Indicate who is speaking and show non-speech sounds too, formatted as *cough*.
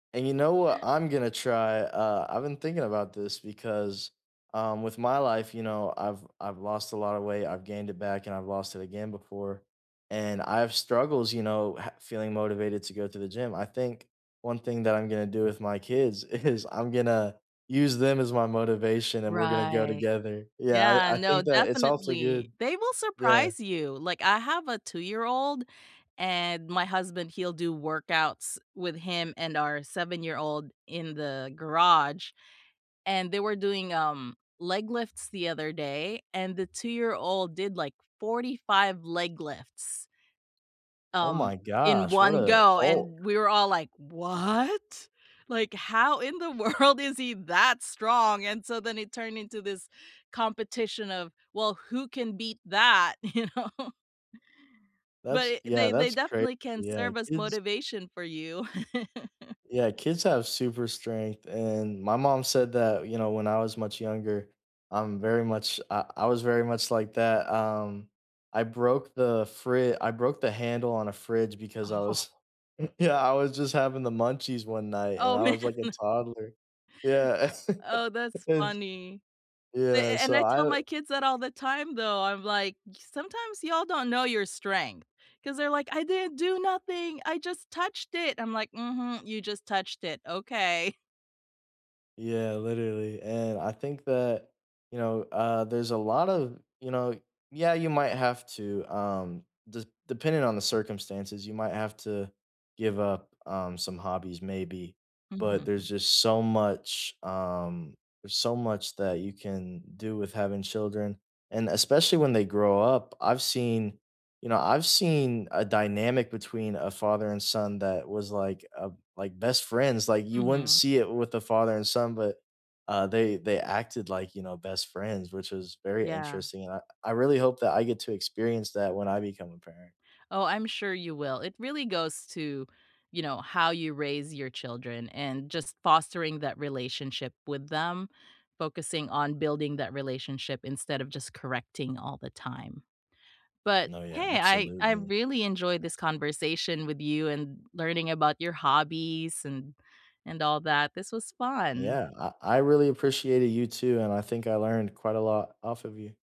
Speaker 1: And you know what I'm gonna try? Uh, I've been thinking about this, because, um, with my life, you know, I've I've lost a lotta weight, I've gained it back, and I've lost it again before, and I have struggles, you know, ha feeling motivated to go to the gym. I think one thing that I'm gonna do with my kids is, I'm gonna use them as my motivation, and we're gonna go
Speaker 2: Right.
Speaker 1: together. Yeah,
Speaker 2: Yeah,
Speaker 1: I I
Speaker 2: no,
Speaker 1: think that it's also
Speaker 2: definitely.
Speaker 1: good
Speaker 2: They will
Speaker 1: Yeah.
Speaker 2: surprise you. Like, I have a two-year-old, and my husband, he'll do workouts with him and our seven-year-old in the garage, and they were doing, um, leg lifts the other day, and the two-year-old did, like, 45 leg lifts
Speaker 1: Oh my
Speaker 2: um, in
Speaker 1: gosh, what
Speaker 2: 1
Speaker 1: a
Speaker 2: go,
Speaker 1: hulk.
Speaker 2: and we were all, like, "What? Like, how in the world is he that strong?" and so then, it turned into this competition of, "Well, who can beat that," you know? But,
Speaker 1: That's
Speaker 2: i
Speaker 1: yeah,
Speaker 2: they they
Speaker 1: that's crazy,
Speaker 2: definitely can
Speaker 1: yeah.
Speaker 2: serve as
Speaker 1: Kids
Speaker 2: motivation for you. *chuckles*
Speaker 1: Yeah, kids have super strength, and my mom said that, you know, when I was much younger, I'm very much I I was very much like that, um I broke the fri I broke the handle on a fridge, because I was
Speaker 2: Oh
Speaker 1: *chuckles* yeah, I was just having the munchies one night, and
Speaker 2: Oh,
Speaker 1: I
Speaker 2: man.
Speaker 1: was, like, a toddler. Yeah, *laughs*
Speaker 2: Oh, that's
Speaker 1: and s
Speaker 2: funny. A a
Speaker 1: yeah,
Speaker 2: and
Speaker 1: so,
Speaker 2: I
Speaker 1: I,
Speaker 2: tell
Speaker 1: w
Speaker 2: my kids that all the time, though. I'm like, "S Sometimes y'all don't know your strength," 'cause they're like, "I didn't do nothing, I just touched it!" I'm like, "Mhm, you just touched it, okay." *chuckles*
Speaker 1: Yeah, literally, and I think that, you know, uh, there's a lot of, you know yeah, you might have to, um, des depending on the circumstances, you might have to give up, um, some hobbies, maybe, but there's
Speaker 2: Mhm.
Speaker 1: just so much, um there's so much that you can do with having children, and especially when they grow up, I've seen you know, I've seen a dynamic between a father and son that was, like, uh, b like best friends, like you wouldn't
Speaker 2: Mhm.
Speaker 1: see it with a father and son, but, uh, they they acted like, you know, best friends, which was very
Speaker 2: Yeah.
Speaker 1: interesting, and I I really hope that I get to experience that when I become a parent.
Speaker 2: Oh, I'm sure you will. It really goes to, you know, how you raise your children, and just fostering that relationship with them, focusing on building that relationship instead of just correcting all the time. But
Speaker 1: No, yeah,
Speaker 2: hey, I I
Speaker 1: absolutely.
Speaker 2: really enjoyed this conversation with you, and l learning about your hobbies, and and all that, this was fun.
Speaker 1: Yeah, I I really appreciated you too, and I think I learned quite a lot off of you.